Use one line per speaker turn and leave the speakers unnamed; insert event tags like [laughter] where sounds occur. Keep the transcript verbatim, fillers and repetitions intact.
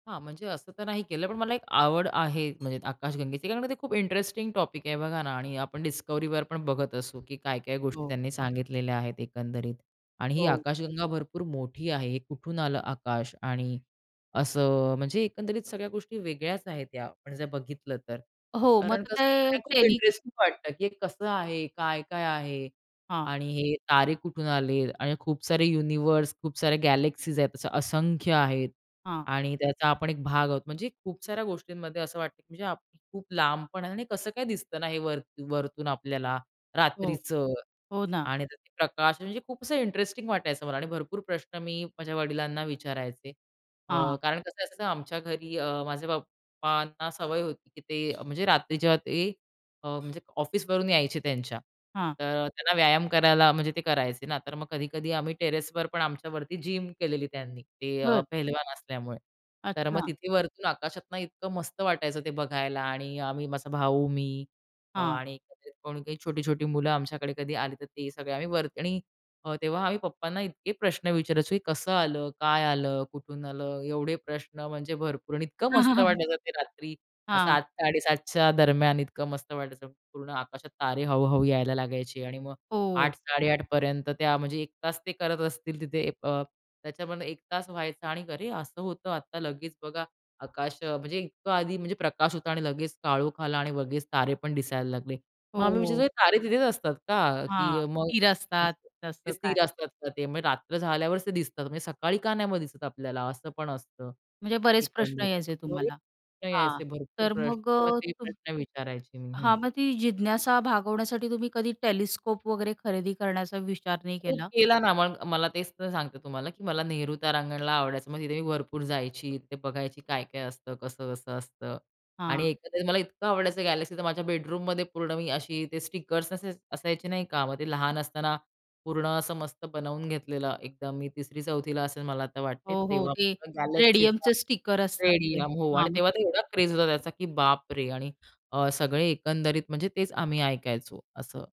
हां. म्हणजे असं तर नाही केलं, पण मला एक आवड आहे म्हणजे आकाशगंगेची. कारण ते खूप इंटरेस्टिंग टॉपिक आहे बघा ना आणि आपण डिस्कव्हरीवर पण बघत असू, की काय-काय गोष्टी
हो.
त्यांनी सांगितलेल्या आहेत एकंदरीत. आणि ही
हो.
आकाशगंगा भरपूर मोठी आहे. हे कुठून आलं आकाश आणि असं अ, म्हणजे एकंदरीत सगळ्या गोष्टी वेगळ्याच आहेत या आपण जर बघितलं तर.
हो. मग
कारण कसं
ते
बघा खूप
टेली
इंटरेस्टिंग वाटतं, की हे कसं आहे? काय-काय आहे?
हां.
आणि हे तारे कुठून आले? आणि खूप सारे युनिव्हर्स, खूप साऱ्या गॅलेक्सीज आहेत. असं असंख्य आहेत
हां.
आणि त्याचा आपण एक भाग आहोत. म्हणजे खूप साऱ्या गोष्टींमध्ये असं वाटतं, की म्हणजे आपण खूप लांबपण आहे आणि कसं काय दिसतं ना हे वर वरतून आपल्याला
हो.
रात्रीचं.
हो ना.
आणि त्यात हे प्रकाश म्हणजे खूप असं इंटरेस्टिंग वाटायचं मला आणि भरपूर प्रश्न मी माझ्या वडिलांना विचारायचे. अ,
हां.
कारण कसं असायचा ना, आमच्या घरी अ, माझ्या पप्पांना सवय होती, की ते म्हणजे रात्री जेव्हा ते अ, म्हणजे ऑफिसवरून यायचे त्यांच्या,
हां.
तर त्यांना व्यायाम करायला म्हणजे ते करायचे ना, तर मग कधी-कधी आम्ही टेरेसवर पण आमच्यावरती जिम केलेली त्यांनी. ते अ,
बरं.
पहलवान असल्यामुळे. तर मग
अच्छा.
तिथे वरतून आकाशातून इतकं मस्त वाटायचं ते बघायला आणि अ, आम्ही माझा भाऊ मी अ,
हां.
आणि कोणी काही छोटी-छोटी मुलं आमच्याकडे कधी आली, तर ते सगळे आम्ही वर आणि अ, तेव्हा आम्ही पप्पांना इतके प्रश्न विचारायचो, की कसं आलं? काय आलं? कुठून आलं? एवढे प्रश्न म्हणजे भरपूर आणि इतकं मस्त
[laughs]
वाटायचं ते रात्री
हां.
सात साडे सात च्या दरम्यान, इतकं मस्त वाटायचं. पूर्ण आकाशात तारे हळुहळू यायला लागायचे आणि मग
हो.
आठ साडेआठ पर्यंत त्या म्हणजे एक तास ते करत असतील तिथे अ, त्याच्यामध्ये एक तास व्हायचा आणि अरे, असं होतं आता लगेच बघा आकाश अ, म्हणजे इतकं आधी म्हणजे प्रकाश होता आणि लगेच काळोख आला आणि लगेच तारे पण दिसायला लागले. मग आम्ही
हो.
विचारतो तारे तिथेच असतात का?
हां.
की मग
तीर असतात
मस्त ते
तसं काय?
स्थिर असतात का? ते म्हणजे रात्र झाल्यावर ते दिसतात म्हणजे सकाळी का नाही दिसत आपल्याला? असंपण असतं.
म्हणजे
[unintelligible]
बरेच प्रश्न
एकंदरीत
यायचे तुम्हाला हां,
यायचे भरपूर
तर
प्रश्न
मग
किंवा
अ,
ते
तूम
प्रश्न विचारायचे मी हं.
हां. मग ती जिज्ञासा भागवण्यासाठी तुम्ही कधी टेलिस्कोप वगैरे खरेदी करण्याचा विचार नाही
खूप
केला?
केला ना मग मला तेच तर सांगते तुम्हाला, की मला नेहरू तारांगणला आवडायचं. मग तिथे मी भरपूर जायची. तिथे बघायची काय-काय असतं? कसं-कसं असतं?
हां.
आणि एकंदरीत मला इतकं आवडायचं गॅलेक्सी तर माझ्या बेडरूममध्ये पूर्ण मी अशी ते स्टिकर्स असे असायचे नाही का मग ते लहान असताना पूर्ण असं मस्त बनवून घेतलेलं एकदम. मी तिसरी चौथी ला असेल मला तर वाटते.
हो, हो.
तेव्हा
ते
गॅलॅक्सीचा
रेडियमचे स्टिकर असतात ते
रेडियम हो आणि
हां
तेव्हा तर
मग
एवढा क्रेज होता त्याचा, की बापरे! आणि अ, सगळे एकंदरीत म्हणजे तेच आम्ही ऐकायचो, असं.